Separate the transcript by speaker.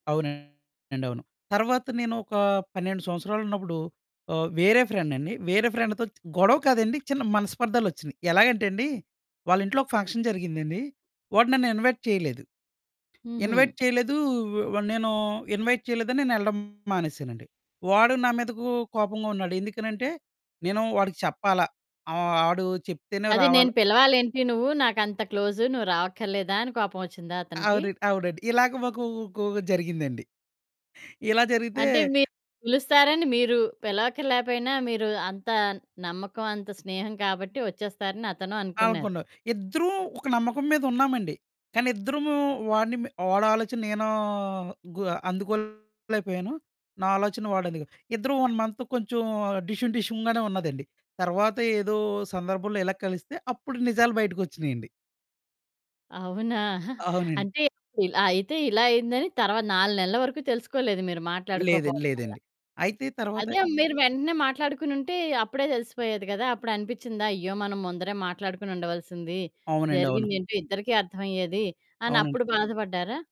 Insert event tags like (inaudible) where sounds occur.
Speaker 1: అవునండి. అవును. తర్వాత నేనొకా 12 సంవత్సరాలున్నప్పుడు ఆహ్, వేరే ఫ్రెండండి, వేరే ఫ్రెండతో చ్ గొడవ కాదండి, చిన్న మనస్పర్ధాలొచ్చినియి. ఎలాగంటెండి, వాళ్ళింట్లో ఒక ఫంక్షన్ జరిగిందండి. వాడు నన్ను ఇన్వైట్ చెయలేదు.
Speaker 2: హుహు.
Speaker 1: ఇన్వైట్ చెయలేదూ, వ నేనూ ఇన్వైట్ చెయలేదని నేనెళ్ళడం మానేశానండి. వాడు నా మీదకూ కోపంగా ఉన్నాడు. ఎందుకనంటే, నేను వాడికి చెప్పాల, ఆహ్, ఆడూ చెప్తేనే
Speaker 2: అది నేను
Speaker 1: రావాలా
Speaker 2: పిలవాలేంటి, నువ్వు నాకంత క్లోజు, నువ్వు రావక్కర్లేదా? అని కోపమొచ్చిందా అతనికి.
Speaker 1: అవునండి. అవునండి. ఇలాగ మాకూ గోవ్ జరిగిందండి. ఇలా జరిగితే
Speaker 2: అంటే, మీరు పిలుస్తారని మీరు, పిలవక్కర్లేపోయినా, మీరూ అంత నమ్మకవంత స్నేహం కాబట్టి, ఒచ్చేస్తారని అతను అనుకున్నారు.
Speaker 1: అనుకున్నాం. ఇద్దరూం ఒక నమ్మకం మీదున్నామండి, కానిద్దరమూ వాడిని మె వాడాలోచన నేనూ గు అందుకోలేకపోయాను. నా ఆలోచన వాడందుగొ ఇద్దరం 1 మంత్ కొంచం డిషుం డిషుంగానే ఉన్నదండి. తర్వాత ఏదో సందర్భంలో ఇలాగ కలిస్తే, అప్పుడు నిజాలు బయటికొచ్చినియండి.
Speaker 2: అవునా! (giggles)
Speaker 1: అవునండి.
Speaker 2: అంటే, అప్పుడిల్ అయితే ఇలా అయిందని, తర్వాత నాలునెల్ల వరకు తెలుసుకోలేదు మీరు
Speaker 1: లేదండి.
Speaker 2: మాట్లాడుకోపోడం వల్ల.
Speaker 1: లేదండి. అయితే తర్వాత
Speaker 2: అదే మీరు వెంటనే మాట్లాడుకునుంటే, అప్పుడే తెలిసిపోయేది గదా! అప్పుడు అనిపిచ్చిందా, అయ్యో! మనం ముందరే మాట్లాడుకొనుండవలసింది,
Speaker 1: అవునండవును.
Speaker 2: జరిగిందేంటో ఇద్దరికీ అర్థవయ్యేది
Speaker 1: అవునండి.
Speaker 2: అనప్పుడు బాధపడ్డారా?